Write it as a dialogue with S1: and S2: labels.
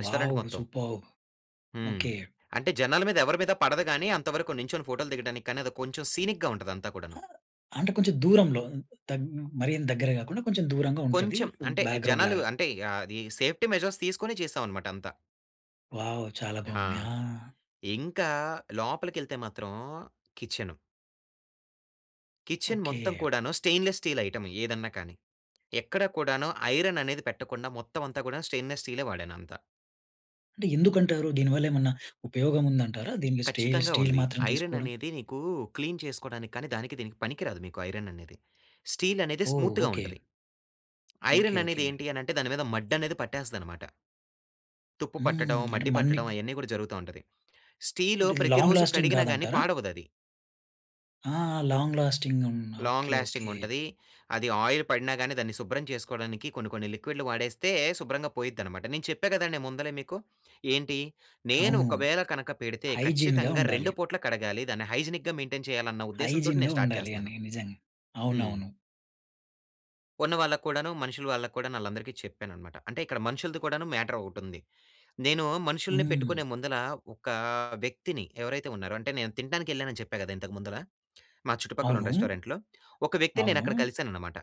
S1: Restaurant
S2: wow!
S1: మొత్తం.
S2: Superb.
S1: హ్మ్.
S2: Okay.
S1: అంటే జనాల మీద ఎవరి మీద పడదు గాని అంతవరకు నించొని ఫోటోలు దిగడానికి కానీ అది కొంచెం సీనిక్‌గా ఉంటది అంతా కూడాను.
S2: అంటే కొంచెం దూరంలో దగ్ మరి అంత దగ్గర కాకుండా కొంచెం దూరంగా ఉంటది.
S1: కొంచెం. అంటే జనాలు
S2: బ్యాక్‌గ్రౌండ్‌లాగ.
S1: అంటే ఆహ్, ఆది సేఫ్టీ మెజర్స్ తీసుకొనే చేశామనమాట అంతా.
S2: వావ్! చాలా
S1: ఆ!
S2: బావుంది. ఆ!
S1: ఇంకా లోపలి కెళ్తే మాత్రం కిచెను. Kitchen
S2: okay.
S1: మొత్తం కూడాను స్టెయిన్లెస్ స్టీల్ ఐటెమ్ ఏదన్నా కానీ. ఎక్కడ కూడాను ఐరన్ అనేది పెట్టకుండా మొత్తం అంతా కూడా స్టెయిన్‌‌నెస్ స్టీలే వాడానంత.
S2: అంటే ఎందుకంటారు? దీని వల్లేమన్నా ఉపయోగం ఉందంటారా? దీనికి స్టెయిలు
S1: కచ్చితంగా
S2: స్టీలు
S1: ఉంది.
S2: మాత్రం
S1: ఐరన్
S2: తీసుకోవడం?
S1: అనేది నీకూ క్లీన్ చేసుకోడానికి కానీ దానికి దీనికి పనికి రాదు మీకు ఐరన్ అనేది. స్టీలు అనేది
S2: ఓహ్!
S1: స్మూత్‌గా
S2: ఓకే.
S1: ఉంటది.
S2: Okay
S1: iron
S2: okay.
S1: అనేది ఏంటి అనంటే దాని మీద మడ్డనేది పట్టేస్తదనమాట. తుప్పు పట్టడం,
S2: హ్మ్. అంటే
S1: మడ్డి పట్టటం
S2: మన్నిప్
S1: అయన్నీ కూడా జరుగుతా ఉంటది. స్టీలు
S2: అంటే ఇది లాంగ్
S1: ప్రతిరోజు
S2: లాస్టింగ్
S1: కడిగినా గాని
S2: కాదంటారా?
S1: పాడవదది.
S2: ఆ! లాంగ్ లాస్టింగ్ ఉన్న
S1: లాంగ్
S2: ఓకే,
S1: లాస్టింగ్
S2: ఓకే.
S1: ఉంటది. అది ఆయిల్ పడిన గాని దాన్ని శుభ్రం చేసుకోవడానికి కొన్ని కొన్ని లిక్విడ్‌లు వాడేస్తే శుభ్రంగా పోయిద్దనమాట. నేను చెప్పా కదండి ముందలే మీకు. ఏంటి నేను
S2: అవును.
S1: ఒకవేళ కనుక పెడితే
S2: హైజీన్‌గా
S1: ఖచ్చితంగా
S2: ఉండాలి.
S1: రెండు పూట్ల కడగాలి. దాన్ని హైజినిక్‌గా మెయింటైన్ చేయాలి అన్న ఉద్దేశం తోటి
S2: హైజీన్‌గా
S1: నేను స్టార్ట్
S2: ఉండాలి
S1: చేస్తన్నాను.
S2: అని. నిజంగా.
S1: హ్మ్.
S2: అవునవును.
S1: ఉన్న వాళ్ళకు కూడాను మనుషుల వాళ్ళకు కూడాను ఆళ్లందరికీ చెప్పాననమాట. అంటే ఇక్కడ మనుషులది కూడాను మ్యాటర్ ఒకటుంది. నేను మనుషుల్ని
S2: హ్మ్.
S1: పెట్టుకునే ముందల ఒక వ్యక్తిని ఎవరైతే ఉన్నారో, అంటే నేను తినటానికి యెళ్ళానని చెప్పా గదా! ఇంతకు ముందల. మా చుట్టుపక్కలున్న
S2: అవునూ.
S1: రెస్టారెంట్‌లో, ఒక వ్యక్తిని
S2: అవును.
S1: నేనక్కడ కలిసాననమాట.